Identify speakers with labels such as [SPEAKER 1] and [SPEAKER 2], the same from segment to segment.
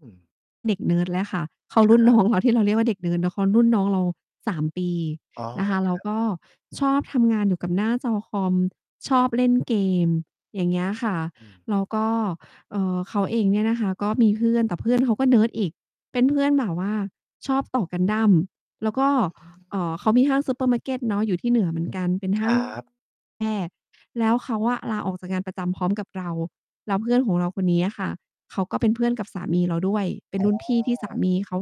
[SPEAKER 1] อืม
[SPEAKER 2] เด็กเนิร์ดเลยค่ะ เขาร
[SPEAKER 1] ค
[SPEAKER 2] ุ่น
[SPEAKER 1] ร
[SPEAKER 2] น
[SPEAKER 1] ั
[SPEAKER 2] ้
[SPEAKER 1] บ
[SPEAKER 2] องเรา ที่เราเรียกว่าเด็กเนิร์ดเนาะ เขารุ่น น้องเรา 3 ปี
[SPEAKER 1] อ๋อ
[SPEAKER 2] นะคะ แ
[SPEAKER 1] ค
[SPEAKER 2] ล้ว
[SPEAKER 1] รับ
[SPEAKER 2] ก็ชอบทำงานอยู่กับหน้าจอคอม ชอบเล่นเกม อย่างเงี้ยค่ะ
[SPEAKER 1] อืม
[SPEAKER 2] แล้วก็ เอ่อ เขาเองเนี่ยนะคะก็มีเพื่อน แต่เพื่อนเขาก็เนิร์ดอีก เป็นเพื่อนแบบว่าชอบต่อกันดั้ม แล้วก็
[SPEAKER 1] อือฮ
[SPEAKER 2] เ
[SPEAKER 1] ึ
[SPEAKER 2] อ่อ เขามีห้างซูเปอร์มาร์เกตเนาะอยู่ที่เหนือเหมือนกัน เป็น ห
[SPEAKER 1] ค
[SPEAKER 2] ้า
[SPEAKER 1] ร
[SPEAKER 2] ง
[SPEAKER 1] ับ
[SPEAKER 2] แพร่ แล้วเขาอะลาออกจากงานประจำพร้อมกับเรา แล้วเพื่อนของเราคนนี้อะค่ะ เขาก็เป็นเพื่อนกับสามีเราด้วย เป็
[SPEAKER 1] อ
[SPEAKER 2] น
[SPEAKER 1] ๋
[SPEAKER 2] ร
[SPEAKER 1] อ
[SPEAKER 2] ุ่นพี่ที่สามีเขา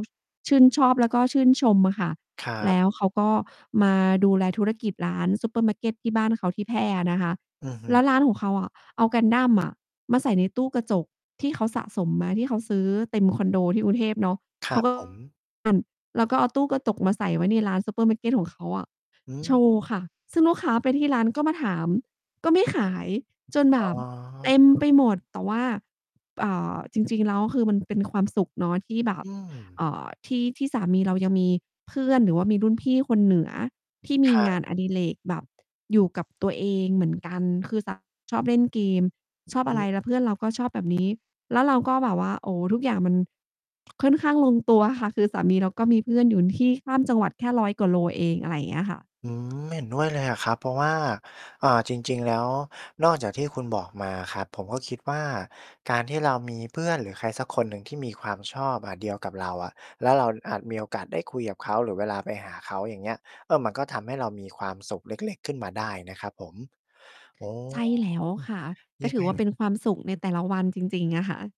[SPEAKER 2] ชื่นชอบ แล้วก็ชื่นชมอะค่ะ
[SPEAKER 1] ครั
[SPEAKER 2] แล
[SPEAKER 1] บ
[SPEAKER 2] ้วเขาก็มาดูแลธุรกิจร้านซูเปอร์มาร์เกตที่บ้านเขา ที่แพร่อะนะคะ
[SPEAKER 1] อือฮึ
[SPEAKER 2] แล้วร้านของเขาอะ เอากันดั้ม อะ มาใส่ในตู้กระจก ที่เขาสะสมมา ที่เขาซื้อเต็มคอนโดที่กรุงเทพเนาะ
[SPEAKER 1] ค
[SPEAKER 2] เ
[SPEAKER 1] ร
[SPEAKER 2] ข
[SPEAKER 1] ั
[SPEAKER 2] า
[SPEAKER 1] บ
[SPEAKER 2] ก็ อ
[SPEAKER 1] ผ
[SPEAKER 2] ั้น
[SPEAKER 1] ม
[SPEAKER 2] แล้วก็เอาตู้กระจก มาใส่ไว้ในร้านซูเปอร์มาร์เกตของเขาอะ
[SPEAKER 1] อื
[SPEAKER 2] โช
[SPEAKER 1] ม
[SPEAKER 2] ว์ค่ะ ซึ่งลูกค้าไปที่ร้านก็มาถาม ก็ไม่ขาย จนแ
[SPEAKER 1] อ
[SPEAKER 2] บ
[SPEAKER 1] ๋อ
[SPEAKER 2] บเต็มไปหมด แต่ว่า อ่า จริง ๆ แล้ว ก็คือมันเป็นความสุขเนาะที่แบบ
[SPEAKER 1] อื
[SPEAKER 2] เ
[SPEAKER 1] ม
[SPEAKER 2] อ่อ ที่ ที่สามีเรายังมีเพื่อน หรือว่ามีรุ่นพี่คนเหนือ ที่ม
[SPEAKER 1] ค
[SPEAKER 2] ี
[SPEAKER 1] ร
[SPEAKER 2] ง
[SPEAKER 1] ั
[SPEAKER 2] า
[SPEAKER 1] บ
[SPEAKER 2] นอดิเรกแบบอยู่กับตัวเองเหมือนกัน คือสา ชอบเล่นเกม ช
[SPEAKER 1] อืม
[SPEAKER 2] อบอะไร แล้วเพื่อนเราก็ชอบแบบ นี้ แล้วเราก็แบบว่า โอ้ ทุกอย่างมัน ค่อนข้างลงตัวค่ะ คือสามีเราก็มีเพื่อนอยู่ ที่ข้ามจังหวัด แค่ 100 กว่าโลเอง อะไรเงี้ยค่ะ
[SPEAKER 1] อืม เห็นด้วยเลยอะครับ เพราะว่า อ่า จริง ๆ แล้ว นอกจากที่คุณบอกมาอะครับ ผมก็คิดว่า การที่เรามีเพื่อนหรือใครสักคนหนึ่งที่มีความชอบ อะ เดียวกับเราอะ แล้วเราอาจมีโอกาสได้คุยกับเขาหรือเวลาไปหาเขา อย่างเงี้ย เออ มันก็ทำให้เรามีความสุขเล็ก ๆ ขึ้นมาได้นะครับผม โอ้
[SPEAKER 2] ใช่แล้วค่ะ ก็
[SPEAKER 1] ยั
[SPEAKER 2] ถ
[SPEAKER 1] ง
[SPEAKER 2] ื
[SPEAKER 1] ไ
[SPEAKER 2] อว่า เป็
[SPEAKER 1] ง
[SPEAKER 2] นความสุขในแต่ละวันจริง ๆ อะค่ะ